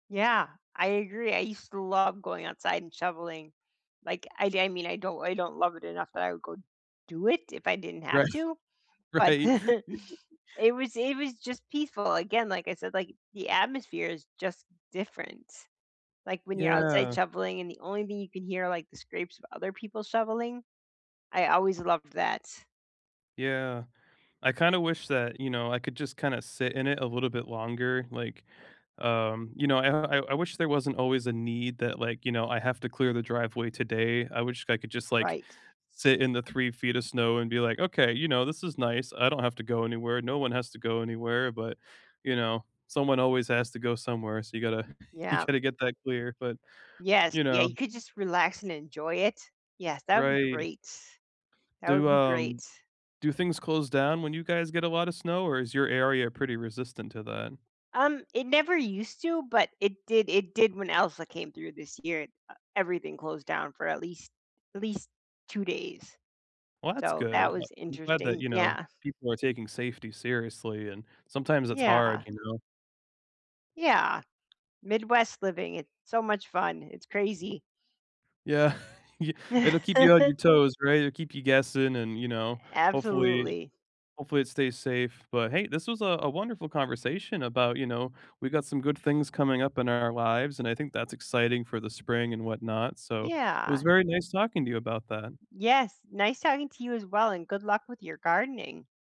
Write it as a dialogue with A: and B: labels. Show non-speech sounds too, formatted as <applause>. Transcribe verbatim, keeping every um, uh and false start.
A: Yeah, I agree, I used to love going outside and shoveling, like, I I mean, I don't I don't love it enough that I would go do it if I didn't
B: Right,
A: have to, but
B: right.
A: <chuckles>
B: <laughs>
A: it was it was just peaceful again, like I said, like, the atmosphere is just different, like, when you're outside
B: Yeah.
A: shoveling, and the only thing you can hear are, like, the scrapes of other people shoveling. I always loved that.
B: Yeah, I kinda wish that, you know, I could just kinda sit in it a little bit longer, like, um, you know, I I I wish there wasn't always a need that, like, you know, I have to clear the driveway today. I wish I could just like,
A: Right.
B: sit in the three feet of snow and be like, "Okay, you know, this is nice, I don't have to go anywhere, no one has to go anywhere," but, you know, someone always has to go somewhere, so you gotta <chuckles> you
A: Yeah.
B: gotta get that clear, but,
A: Yes,
B: you
A: yeah,
B: know.
A: you could just relax and enjoy it. Yes, that would be
B: Right.
A: great. That would
B: Do,
A: be great.
B: um do things close down when you guys get a lotta snow, or is your area pretty resistant to that?
A: Um, it never used to, but it did it did when Elsa came through this year, uh, everything closed down for at least at least 2 days.
B: Well, that's
A: So
B: good.
A: that
B: uh,
A: was
B: I'm glad that,
A: interesting,
B: you know,
A: yeah.
B: people are taking safety seriously and sometimes it's hard,
A: Yeah.
B: you know?
A: Yeah, Midwest living, it's so much fun, it's crazy.
B: Yeah, <chuckles> y it'll keep you on
A: <chuckles>
B: your toes, right? It'll keep you guessing and, you know, hopefully
A: Absolutely.
B: hopefully it stays safe, but hey, this was a a wonderful conversation about, you know, we got some good things coming up in our lives, and I think that's exciting for the spring and whatnot, so it
A: Yeah.
B: was very nice talking to you about that.
A: Yes, nice talking to you as well, and good luck with your gardening.